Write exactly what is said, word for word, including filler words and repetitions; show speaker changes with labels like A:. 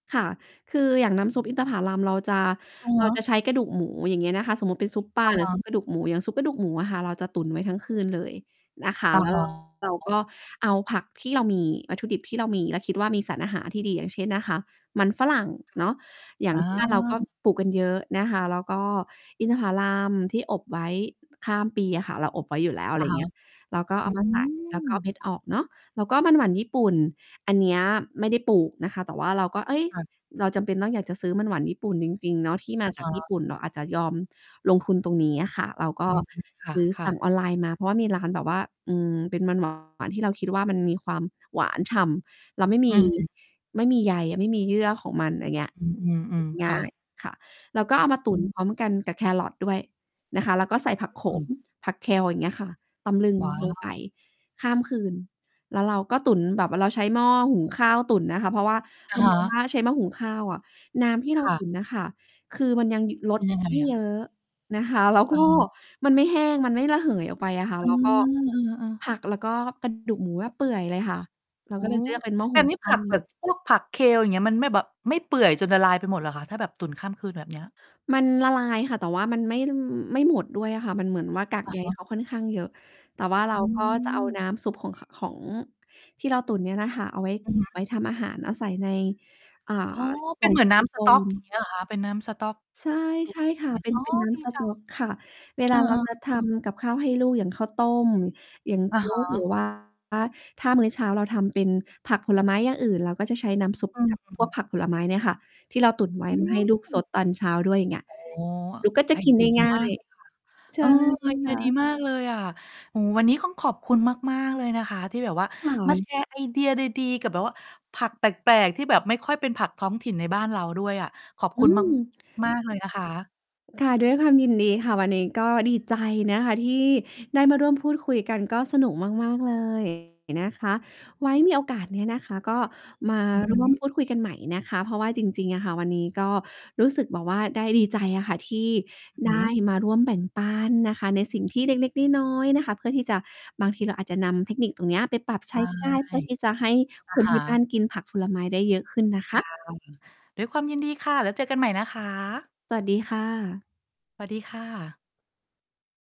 A: ค่ะ คืออย่างน้ำซุป อินทผาลัม เราจะ
B: เอา
A: เ
B: ว
A: ราจ
B: ะ
A: ะใช้กระดูกหมู อย่างเงี้ยนะคะ สมมุติเป็นซุปปลา
B: อะ
A: ห
B: ฮ
A: รือ ซุ
B: ะ
A: ปกระดูกหมู อย่างซุปกระดูกหมูอะค่ะ เราจะตุ๋นไว้ทั้งคืนเลยนะ คะ
B: อะ
A: แล้
B: ฮ
A: ว
B: ะ
A: เราก็เอาผัก ที่เรามี วัตถุดิบที่เรามี แล้วคิดว่า มีสารอาหารที่ดี อย่างเช่นนะคะ มันฝรั่งเนาะ อย่า
B: อ
A: ง
B: า
A: ที่ บ้านเราก็ปลูกกันเยอะนะคะ แล้วก็อินทผาลัมที่อบไว้ ข้ามปีอะค่ะ เราอบไว้อยู่แล้ว อะ
B: อ
A: ไ
B: ะ
A: ร
B: ฮะ
A: เงี้ย เราก็ เ
B: อ
A: อ
B: ื
A: ามาใส่ แล้วก็เ
B: ม
A: ม็ดออกเนาะ แล้วก็มันหวานญี่ปุ่น อันเนี้ย ไม่ได้ปลูกนะคะ แต่ว่าเราก็ เอ๊ย
B: ค่ะ
A: เราจำเป็นต้อง อยากจะซื้อมันหวานญี่ปุ่นจริง ๆ เนาะ ที่ม
B: อ
A: า
B: ะ
A: จ
B: ฮ
A: ากญ
B: ะ
A: ี่ปุ่น เราอาจจะยอมลงทุนตรงนี้อะค่ะ เรา ก็
B: อืม ค
A: ซื้อ ส
B: ่ะ
A: ั่
B: ๆ
A: งออนไลน์มา เพราะว่ามี ร้านแบบว่า อืม เป็นมัน หวาน ที่เราคิดว่า มันมีความหวานฉ่ำ แล้วไม่
B: อ
A: ม
B: ื
A: ี
B: ม
A: ไม่มีใยอะ ไม่มีเยื่อของมัน อย่างเงี้ย
B: อื
A: กิ
B: ม
A: น
B: ๆ ๆ
A: ง
B: ค
A: ่
B: ่
A: าย
B: ะ
A: ค่ะ เราก็เอามา ตุ
B: อ
A: ๋น
B: ืม
A: พร้อมกันกับแครอทด้วย นะคะ แล้วก็ใส่ผักโข
B: อื
A: ม
B: ม
A: ผัก Kale อย่างเงี้ยค่ะ ตำ ลึง
B: ว้า
A: ลง
B: ว
A: ไป ข้ามคืน แล้วเราก็ตุ๋นแบบว่าเราใช้หม้อหุงข้าวตุ๋นน่ะค่ะ เพราะว่า
B: อ
A: เ
B: ะ
A: รา
B: ฮ
A: มอง
B: ะ
A: ว่า ใช้หม้อหุงข้าวอะ น้ำที่เ
B: ค
A: รา
B: ่
A: ต
B: ะ
A: ุ๋นน่ะค่ะ คือมันยังยึ ล
B: เป็
A: ด
B: นยั
A: ล
B: ง
A: ด
B: ไง
A: ไม่
B: อะ?
A: เยอะนะคะ แล้ว
B: อ
A: ก
B: ะ
A: ็
B: ฮะ
A: มันไม่แห้ง มันไม่ระเหยออกไปอะค่ะ
B: อา
A: แล้วก็
B: อา ๆ
A: ผักแล้วก็กระดูกหมูอะเปื่อยเลยค่ะ เรา
B: โอ
A: ก็
B: ้
A: เลยเลือกเป็น หม้อ
B: แ
A: ห
B: บ
A: ุ
B: บ
A: ง
B: นี้
A: ข
B: ผ
A: ้า
B: ัก แบ
A: ว
B: บ พวกผัก Kale อย่างเงี้ย มันไม่แบบ ไม่เปื่อยจน ละลายไปหมดเหรอคะ? ถ้าแบบตุ๋นข้ามคืน แบบเนี้ย
A: มันละลายค่ะ แต่ว่ามันไม่ ลืม ไม่หมดด้วยอะค่ะ มันเหมือนว่ากาก
B: อะ
A: ใย
B: ฮะ
A: เขาค่อนข้างเยอะ แต่ว่าเรา
B: อ
A: ก็จะเอา
B: ืม
A: น้ำซุปของ ข ของที่เราตุ๋นเนี่ยน่ะค่ะ เอาไว้
B: อือ
A: เก
B: ฮ
A: ็บ ไว
B: ึ
A: ้ทำอาหาร เอาใส่ใน อ่า
B: อ๋อ
A: ส
B: เ
A: ก
B: ป
A: ล
B: ็
A: ่
B: น
A: อง
B: เหมือ
A: ซ
B: น
A: ิ
B: น้
A: ลิ
B: ำ
A: โ
B: ส
A: ค
B: ต๊อ
A: น
B: ก อย่างเงี้ย เหรอคะ? เป็นน้ำสต๊อก
A: ใช่
B: ตุ๊
A: ใช
B: ก
A: ่ค
B: เ
A: ่
B: ย
A: ะ
B: ็น
A: เป็น
B: อ๋อ
A: เป็นน้
B: ดี
A: ำส
B: จั
A: ต๊อ
B: ง
A: กค่ะ เว
B: เอ
A: ล
B: อ
A: าเราจะท
B: ๆ ๆ
A: ำกับข้าวให้ลูก อย่างข้าวต้ม อย่าง
B: อ
A: โ
B: ะ
A: จ๊
B: ฮ
A: ก หรื
B: ะ
A: อ ว่า ถ้ามื้อเช้าเราทำเป็นผักผลไม้อย่างอื่น เราก็จะใช้น้ำซุป
B: อื
A: กับ พวก
B: ม
A: ผักผลไม้เนี่ยค่ะ ที่เรา ตุ๋นไว
B: อ
A: ้
B: ื
A: มาให้ลูกซ
B: ม
A: ดตอนเช้าด้วย อย่างเงี้ย
B: อ๋อ
A: ลูกก็จ
B: ไ
A: ะ
B: อ
A: กิ
B: เด
A: น
B: ี
A: ได
B: ย
A: ้
B: ดี
A: ง่า
B: มาก
A: ย
B: เลยค่ะ
A: ใช
B: เอ
A: ่
B: อ ไอเด
A: ค
B: ีย
A: ่
B: ดี
A: ะ
B: มากเลยอะ โอ้โฮ วันนี้ข้อง ขอบคุณมาก ๆ เลยนะคะที่แบบว่า
A: ค่
B: มา แ
A: ะ
B: ชร์ ไอเดียดี ๆ กับแบบว่าผักแปลก ๆ ที่แบบไม่ค่อยเป็นผักท้องถิ่นในบ้านเราด้วยอะ ขอบ
A: อ
B: ค
A: ื
B: ุณ มาก
A: ม
B: มากเลยนะคะ
A: ค่ะ ด้วยความยินดีค่ะ วันนี้ก็ดีใจนะคะที่ได้มาร่วมพูดคุยกัน ก็สนุกมาก ๆ เลย นะคะ ไว้มีโอกาสเนี้ยนะคะก็มา
B: อือ
A: ร่ว
B: ฮ
A: ม
B: ึ
A: พูดคุยกันใหม่นะคะ เพราะว่าจริง ๆ อะค่ะวันนี้ ก็รู้สึกแบบว่าได้ ดีใจอะค่ะที่ ไ
B: ห
A: ด
B: ื
A: ้
B: อ
A: มาร่วมแบ่งปันน่ะค่ะ ในสิ่ง ที่เล็ก ๆ น้อย ๆ นะคะ เพื่อที่จะ บาง ทีเราอาจจะนำเทคนิคตรงเนี้ยไปปรับ ใ
B: ใ
A: ช้ ได้ เ
B: ช
A: พื
B: ่
A: ่อที่จะให้
B: อ
A: ค
B: ะ
A: น
B: ฮ
A: ที่บ้า
B: ะ
A: นกินผักผลไม้ได้เยอะขึ้นนะ
B: ค
A: ค
B: ่
A: ะ
B: ะ ด้วยความยินดีค่ะ แล้วเจอกันใหม่นะคะ
A: สวัสดีค่ะ
B: สวัสดีค่ะ